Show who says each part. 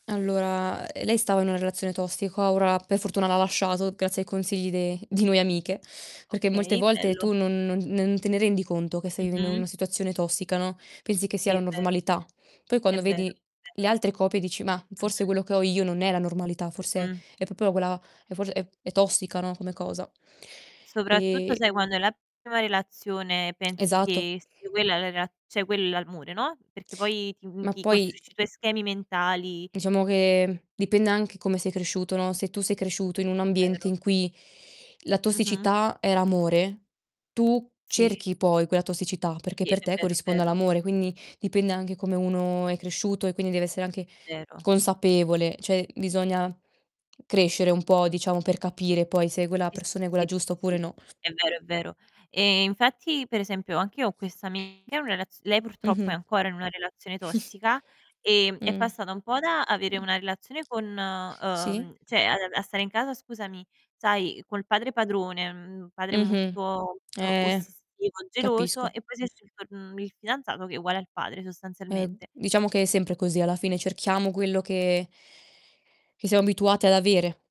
Speaker 1: Allora, ehm, lei stava in una relazione tossica. Ora, per fortuna, l'ha lasciato, grazie ai consigli de di noi amiche, perché molte
Speaker 2: Okay,
Speaker 1: volte
Speaker 2: bello.
Speaker 1: tu non non non te rendi conto che stai vivendo in
Speaker 2: Mh-mh.
Speaker 1: una situazione tossica, no, pensi che sia
Speaker 2: Sì, è
Speaker 1: la
Speaker 2: vero.
Speaker 1: normalità. Poi,
Speaker 2: È
Speaker 1: quando
Speaker 2: vero,
Speaker 1: vedi
Speaker 2: è
Speaker 1: le
Speaker 2: vero.
Speaker 1: altre coppie dici: "Mah, forse
Speaker 2: Mh-mh.
Speaker 1: quello che ho io non è la normalità, forse
Speaker 2: Mh-mh.
Speaker 1: è proprio quella è forse è è tossica, no, come cosa."
Speaker 2: Sì, soprattutto,
Speaker 1: Ehm
Speaker 2: sai, quando è la tua prima relazione pensi
Speaker 1: Esatto.
Speaker 2: che sia quella è la rela cioè quell è l'amore, no, perché poi ti mhmm,
Speaker 1: Ma
Speaker 2: ti
Speaker 1: poi
Speaker 2: costruisci i tuoi schemi mentali
Speaker 1: diciamo che, mhmm, dipende anche come sei cresciuto, no, se tu sei cresciuto in un ambiente
Speaker 2: Vero.
Speaker 1: in cui la
Speaker 2: Mh-mh.
Speaker 1: tossicità era amore, tu
Speaker 2: Sì.
Speaker 1: cerchi poi quella tossicità, perché
Speaker 2: Sì,
Speaker 1: per
Speaker 2: è
Speaker 1: te
Speaker 2: vero, è
Speaker 1: corrisponde
Speaker 2: vero.
Speaker 1: all'amore. Quindi dipende anche come uno è cresciuto e quindi deve essere anche
Speaker 2: Vero.
Speaker 1: consapevole. Cioè bisogna crescere un po', diciamo, per capire poi se quella
Speaker 2: Sì, sì,
Speaker 1: persona è
Speaker 2: sì, sì.
Speaker 1: quella giusta oppure
Speaker 2: Sì.
Speaker 1: no.
Speaker 2: È vero, è vero. Ehm, infatti, per esempio, anche io ho questa amica in una relaz lei purtroppo è
Speaker 1: Mh-mh.
Speaker 2: ancora in una relazione tossica, ehm, è
Speaker 1: Mh.
Speaker 2: passata un po' da avere
Speaker 1: Mh.
Speaker 2: una relazione con
Speaker 1: Sì.
Speaker 2: uhm, cioè ad av a stare in casa, scusami, sai, col padre padrone, mhmm, un padre
Speaker 1: Mh-mh.
Speaker 2: molto, uhm,
Speaker 1: Eh,
Speaker 2: ossessivo, geloso,
Speaker 1: capisco.
Speaker 2: e poi si è scelto, mhmm, il fidanzato che è uguale al padre,
Speaker 1: Eh,
Speaker 2: sostanzialmente.
Speaker 1: diciamo che è sempre così alla fine cerchiamo quello che che siamo abituati ad avere.